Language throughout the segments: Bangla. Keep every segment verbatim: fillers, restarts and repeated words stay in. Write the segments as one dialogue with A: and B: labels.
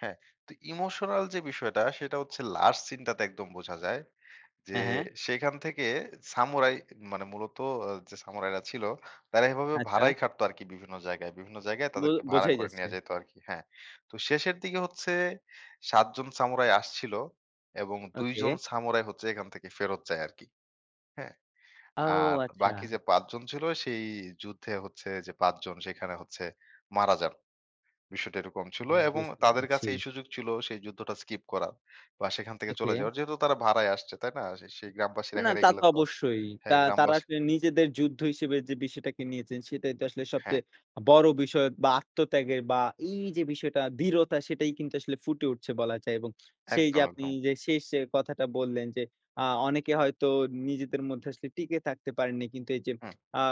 A: হ্যাঁ। তো ইমোশনাল যে বিষয়টা, সেটা হচ্ছে লাস্ট সিনটাতে একদম বোঝা যায়। যে
B: হ্যাঁ, হ্যাঁ।
A: সেখান থেকে সামুরাই মানে মূলত এ যে সামুরাইরা ছিল, তারা এভাবে
B: আচ্ছা।
A: ভাড়াই খাটত আরকি বিভিন্ন জায়গায়। বিভিন্ন জায়গায়
B: বোল
A: তাদেরকে ভাড়া
B: বোঝাই
A: করে
B: যাচ্ছে।
A: নিয়া যাইত আরকি। হ্যাঁ। তো শেষের দিকে সাত জন সামুরাই আসছিল এবং দুই
B: ওকে।
A: জন সামুরাই হচ্ছে এখান থেকে ফেরত যায় আরকি। হ্যাঁ?
B: আও
A: আর বাকি
B: আচ্ছা!
A: যে পাঁচ জন ছিল, সেই যুদ্ধে হচ্ছে যে পাঁচ জন সেখানে হচ্ছে মারা যান। বিষয়টা এরকম ছিল
B: হুম,
A: এবং
B: বুঝতে
A: তাদের কাছে
B: পেরেছি।
A: এই সুযোগ ছিল সেই যুদ্ধটা স্কিপ করার বা, সেখান থেকে চলে
B: ওকে।
A: যাওয়ার। যেহেতু তারা ভাড়ায় আসছে, তাই না? সে সেই গ্রামবাসীরা
B: না,
A: হেরে
B: তা
A: গেলে
B: তো
A: তো
B: অবশ্যই। তা
A: হ্যাঁ,
B: তারা
A: গ্রামবাসী
B: আসলে নিজেদের যুদ্ধ হিসেবে যে বিষয়টাকে নিয়েছেন। সেটাই তো আসলে
A: হ্যাঁ।
B: সবচেয়ে বড় বিষয় বা, আত্মত্যাগের বা, এইযে বিষয়টা, দৃঢ়তা, সেটাই কিন্তু আসলে ফুটে উঠছে বলা যায়। এবং সেই যে
A: একদম,
B: আপনি
A: একদম।
B: যে শেষ কথাটা বললেন যে, "আ অনেকে হয়তো নিজেদের মধ্যে আসলে টিকে থাকতে পারেননি।" কিন্তু এইযে
A: হুম।
B: আ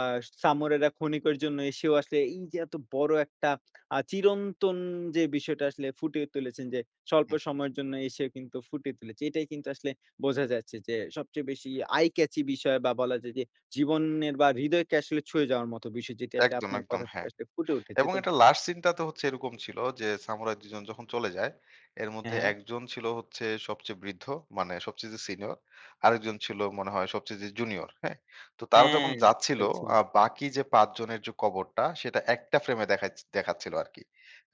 B: সামুরাইরা খনিকের জন্য এসেও আসলে এইযে এত বড় একটা আ চিরন্তন যে বিষয়টা আসলে ফুটিয়ে তুলেছেন যে স্বল্প
A: হুম।
B: সময়ের জন্য এসে কিন্তু ফুটিয়ে তুলেছে। এটাই কিন্তু আসলে বোঝা যাচ্ছে যে সবচেয়ে বেশি আই কেচি বিষয় বা, বলা যায় যে জীবনের বা, হৃদয়কে আসলে ছুঁয়ে যাওয়ার মত বিষয়, যেটি আসলে
A: একদম,
B: আপনার
A: একদম।
B: কথা থেকে
A: হ্যাঁ।
B: আসলে ফুটে উঠেছে।
A: এবং
B: তো
A: এটা লাস্ট সিনটাতে হচ্ছে এরকম ছিল যে সামুরাই দুই জন যখন চলে যায়, এর
B: হ্যাঁ,
A: মধ্যে
B: হ্যাঁ।
A: এক জন ছিল হচ্ছে সবচেয়ে বৃদ্ধ, মানে সবচেয়ে যে সিনিয়র। আরেকজন ছিল মনে হয় সবচেয়ে যে জুনিয়র। হ্যাঁ? তো তারা
B: হ্যাঁ,
A: যখন
B: বুঝতে
A: যাচ্ছিল
B: পেরেছি।
A: আ বাকি যে পাঁচ জনের যে কবরটা, সেটা একটা ফ্রেমে দেখাচ দেখাচ্ছিল আরকি।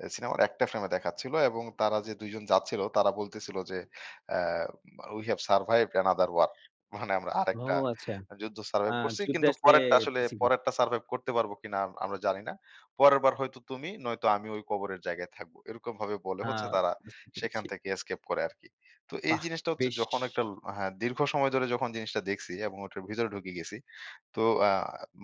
A: এ সিনেমার একটা ফ্রেম দেখাচ্ছিল এবং তারা যে দুই জন যাচ্ছিল তারা বলতেছিল যে অ্যা বা "We have survived another war." মানে "আমরা
B: ও
A: আরেকটা
B: আচ্ছা।
A: যুদ্ধ
B: আ
A: সারভাইভ করছি।
B: যুদ্ধে
A: কিন্তু
B: আসলে
A: পরেরটা আসলে
B: পিসিগি
A: পরেরটা সারভাইভ করতে পারবো কিনা আম আমরা জানি না। পরের বার হয়তো তুমি নয়তো আমি ওই কবরের জায়গায় থাকবো।" এরকম ভাবে বলে
B: আ
A: হচ্ছে তারা
B: বুঝতে
A: সেখান
B: পেরেছি।
A: থেকে escape করে আরকি। তো এই
B: বাহ!
A: জিনিসটা হচ্ছে
B: বেশ।
A: যখন একটু ল আ হা দীর্ঘ সময় ধরে যখন জিনিসটা দেখছি এবং ওটার ভিতরে ঢুকে গেছি। তো আ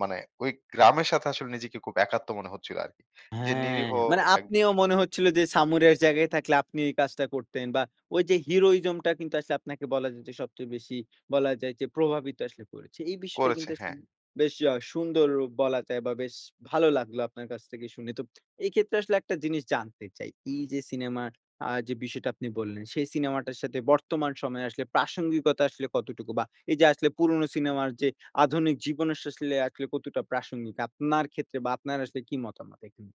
A: মানে ওই গ্রামের সাথে আসলে নিজেকে খুব একাত্ম মনে হচ্ছিল আরকি। যে
B: হ্যাঁ,
A: নিরীহ
B: মানে
A: এক
B: আপনিও মনে হচ্ছিল যে সামুরাইয়ের জায়গায় থাকলে আপনি এই কাজটা করতেন বা, ওইযে heroism টা কিন্তু আসলে আপনাকে বলা যায় যে সবচেয়ে বেশি বলা যায় যে প্রভাবিত আসলে করেছে। এই বিষয়টা
A: করেছে,
B: কিন্তু আসলে
A: হ্যাঁ।
B: বেশ আ সুন্দর বলা যায় বা, বেশ ভালো লাগলো আপনার কাছ থেকে শুনে। তো এইক্ষেত্রে আসলে একটা জিনিস জানতে চাই? এইযে সিনেমার আ যে বিষয়টা আপনি বললেন, সেই সিনেমাটার সাথে বর্তমান সময়ে আসলে প্রাসঙ্গিকতা আসলে কতটুকু বা, এইযে আসলে পুরনো সিনেমার যে আধুনিক জীবনে আস আসলে আসলে কতটা প্রাসঙ্গিক আপনার ক্ষেত্রে? বা, আপনার আসলে কি মতামত এখানে?